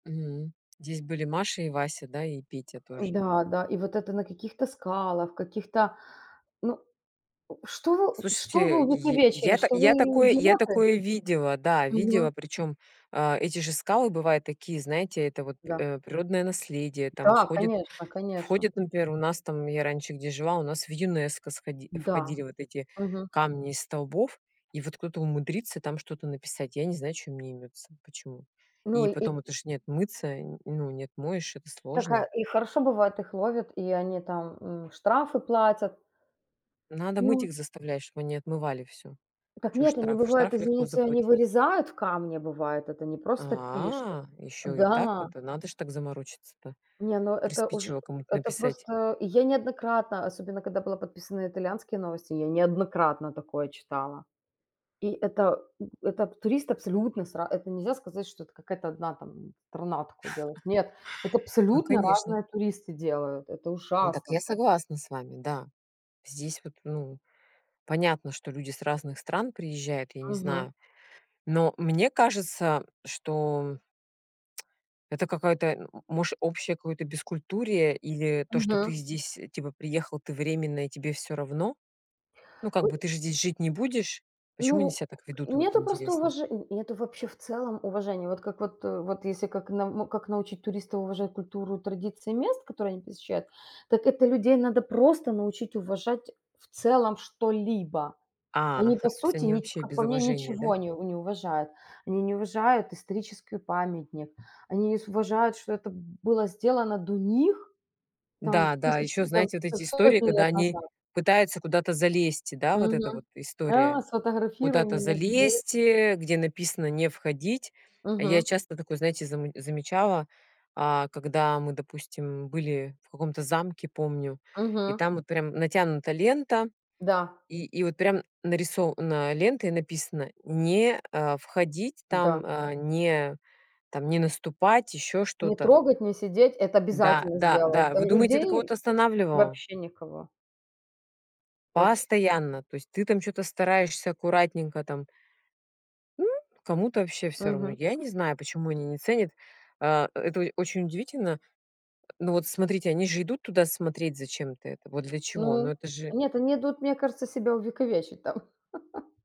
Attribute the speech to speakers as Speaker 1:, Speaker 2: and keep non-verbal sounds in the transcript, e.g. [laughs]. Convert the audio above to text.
Speaker 1: Мгм. Здесь были Маша и Вася, да, и Петя тоже.
Speaker 2: Да, да, и вот это на каких-то скалах, каких-то, ну, что вы, что вы
Speaker 1: Слушайте, й
Speaker 2: увековечили?
Speaker 1: я та
Speaker 2: Что
Speaker 1: я
Speaker 2: вы,
Speaker 1: такое я
Speaker 2: идиоты?
Speaker 1: такое видела, да,
Speaker 2: Мгм.
Speaker 1: видела. Причём, а, эти же скалы бывают такие, знаете, это вот п
Speaker 2: Да.
Speaker 1: э, природное наследие, там
Speaker 2: Да,
Speaker 1: входит
Speaker 2: конечно конечно.
Speaker 1: входит, например, у нас там, я раньше, где жила, у нас в ЮНЕСКО сходи
Speaker 2: М-да.
Speaker 1: входили вот эти
Speaker 2: Мгм.
Speaker 1: камни из столбов. И вот кто-то умудрится там что-то написать, я не знаю, чё им неймётся, почему.
Speaker 2: Ну
Speaker 1: И
Speaker 2: и и
Speaker 1: потом это ж не отмыться, ну, не отмоешь, это
Speaker 2: Так, э,
Speaker 1: сложно.
Speaker 2: и хорошо, бывает, их ловят, и они там, м, штрафы платят.
Speaker 1: Надо мыть
Speaker 2: Ну
Speaker 1: их заставлять, чтоб они отмывали всё.
Speaker 2: Так
Speaker 1: Чё
Speaker 2: нет, они
Speaker 1: штраф?
Speaker 2: бывает,
Speaker 1: Штраф легко
Speaker 2: извините, они
Speaker 1: забыть.
Speaker 2: вырезают в камне, бывает, это не просто пишут.
Speaker 1: А, ещё и так.
Speaker 2: Да.
Speaker 1: Это надо ж так заморочиться-то.
Speaker 2: Не, ну, это уж
Speaker 1: Приспичило кому-то
Speaker 2: это
Speaker 1: написать.
Speaker 2: просто и я неоднократно, особенно когда была подписана на итальянские новости, я неоднократно такое читала. И это, м, это туристы абсолютно с ра это нельзя сказать, что это какая-то 1 там страна такое делает. Нет, это
Speaker 1: [chuckles] Ну,
Speaker 2: абсолютно
Speaker 1: конечно.
Speaker 2: разные туристы делают, это
Speaker 1: Ну, так
Speaker 2: ужасно
Speaker 1: я
Speaker 2: просто.
Speaker 1: согласна с вами. Да. Здесь вот, ну, понятно, что люди с разных стран приезжают, я не
Speaker 2: Мгм.
Speaker 1: знаю. Но мне кажется, что, [tsk] это какая-то, может, общее какое-то бескультурие или то, что ты
Speaker 2: Мгм.
Speaker 1: здесь, типа, приехал ты временно и тебе всё равно? Ну, как бы,
Speaker 2: У
Speaker 1: ты же здесь жить не будешь. Почему они
Speaker 2: Ну,
Speaker 1: себя так ведут, вот
Speaker 2: нету просто
Speaker 1: интересно?
Speaker 2: уваже и это вообще в целом уважения. Вот как вот, э, вот если как на, ну, как научить туристов уважать культуру, традиции мест, которые они посещают, так это людей надо просто научить уважать в целом что-либо.
Speaker 1: А,
Speaker 2: Они, по
Speaker 1: то есть
Speaker 2: сути,
Speaker 1: они
Speaker 2: ни
Speaker 1: вообще
Speaker 2: как
Speaker 1: без
Speaker 2: по мне,
Speaker 1: уважения, да?
Speaker 2: ничего не у не уважают. Они не уважают историческую памятник. Они не с уважают, что это было сделано до них там
Speaker 1: Да, да, а
Speaker 2: тысячи
Speaker 1: ещё,
Speaker 2: и там
Speaker 1: знаете, вот
Speaker 2: хоть
Speaker 1: эти истории,
Speaker 2: сотни
Speaker 1: когда
Speaker 2: лет
Speaker 1: они
Speaker 2: назад.
Speaker 1: пытаются куда-то залезть, и да, вот эта
Speaker 2: Мгм.
Speaker 1: вот
Speaker 2: Да,
Speaker 1: история.
Speaker 2: сфотографируй
Speaker 1: Куда-то
Speaker 2: меня здесь.
Speaker 1: залезть, э, где написано: "Не входить". А я
Speaker 2: Мгм.
Speaker 1: часто такое, знаете, заму замечала, а когда мы, допустим, были в каком-то замке, помню. И
Speaker 2: Мгм.
Speaker 1: там вот прям натянута лента,
Speaker 2: Да.
Speaker 1: и и вот прям нарисо на, лента и написано: "Не, а, входить"
Speaker 2: Да.
Speaker 1: там, а, "Не наступать", ещё
Speaker 2: Не
Speaker 1: что-то.
Speaker 2: трогать, не сидеть- это
Speaker 1: Да
Speaker 2: обязательно
Speaker 1: да
Speaker 2: сделают.
Speaker 1: да,
Speaker 2: А
Speaker 1: вы
Speaker 2: ль
Speaker 1: думаете, это
Speaker 2: людей
Speaker 1: кого-то останавливало?
Speaker 2: вообще никого. Вообще.
Speaker 1: Постоянно. То есть ты там что-то стараешься аккуратненько там М, кому-то вообще всё равно.
Speaker 2: Мгм.
Speaker 1: Я не знаю, почему они не ценят. А, это очень удивительно. Ну, вот смотрите, они же идут туда смотреть зачем-то это. Вот для чего? Ну,
Speaker 2: Ну, э,
Speaker 1: это же
Speaker 2: нет, они идут, мне кажется, себя увековечить там. [laughs]